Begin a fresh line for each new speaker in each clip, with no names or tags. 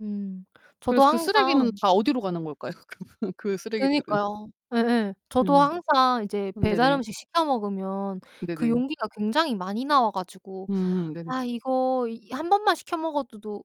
음 저도
그래서 그 쓰레기는
항상
다 어디로 가는 걸까요? 그 쓰레기들은.
그니까요. 예예. 저도
음.
항상 이제
네네.
배달음식 시켜 먹으면 그
네네.
용기가 굉장히 많이 나와 가지고
음 네네.
'아 이거 이 1 번만 시켜 먹어도 도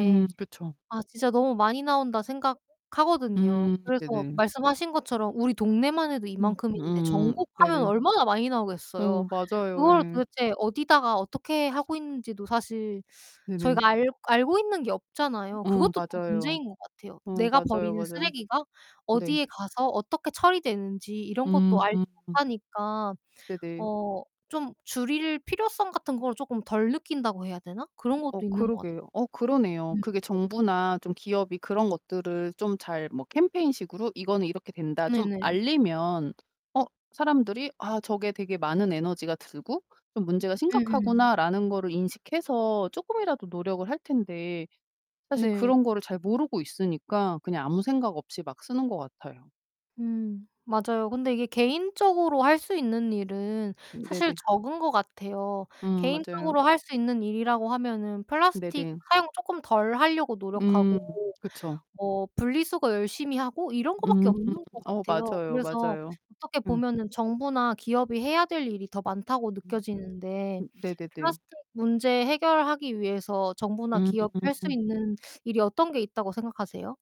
음, 그쵸.
아 진짜 너무 많이 나온다.' 생각하거든요.
음,
그래서
네네.
말씀하신 것처럼 우리 동네만 해도
음
이만큼인데
음.
전국하면
네네.
얼마나 많이 나오겠어요.
어 맞아요.
그걸
예.
도대체 어디다가 어떻게 하고 있는지도 사실
네네.
저희가 알 알고 있는 게 없잖아요.
어
그것도 좀
맞아요.
문제인 것 같아요.
어
내가
맞아요
버리는
맞아요.
쓰레기가
네.
어디에 가서 어떻게 처리되는지 이런 것도
음
알지
음.
못하니까
네네.
어 좀 줄일 필요성 같은 걸 조금 덜 느낀다고 해야 되나? 그런 것도
어
있는 것 같
그러게요. 어 그러네요.
네.
그게 정부나 좀 기업이 그런 것들을 좀 잘 뭐 캠페인식으로 '이거는 이렇게 된다.' 좀
네네.
알리면 어 사람들이 '아 저게 되게 많은 에너지가 들고 좀 문제가
음음.
심각하구나.'라는 거를 인식해서 쪼끔이라도 노력을 할 텐데 사실
네.
그런 거를 잘 모르고 있으니까 그냥 아무 생각 없이 막 쓰는 것 같아요.
음. 맞아요. 근데 이게 개인적으로 할 수 있는 일은 사실
네네.
적은 것 같아요.
음, 맞아요.
개인적으로 할 수 있는 일이라고 하면은 플라스틱
네네.
사용을 쪼끔 덜 하려고 노력하고
음 그쵸.
뭐 분리수거 열심히 하고 이런 거 밖에
음.
없는 것
어
같아요.
맞아요.
그래서
맞아요.
어떻게
음.
보면은 정부나 기업이 해야 될 일이 더 많다고
음.
느껴지는데
음 네네네.
플라스틱 문제 해결하기 위해서 정부나 기업이 할 수
음.
있는 일이 어떤 게 있다고 생각하세요?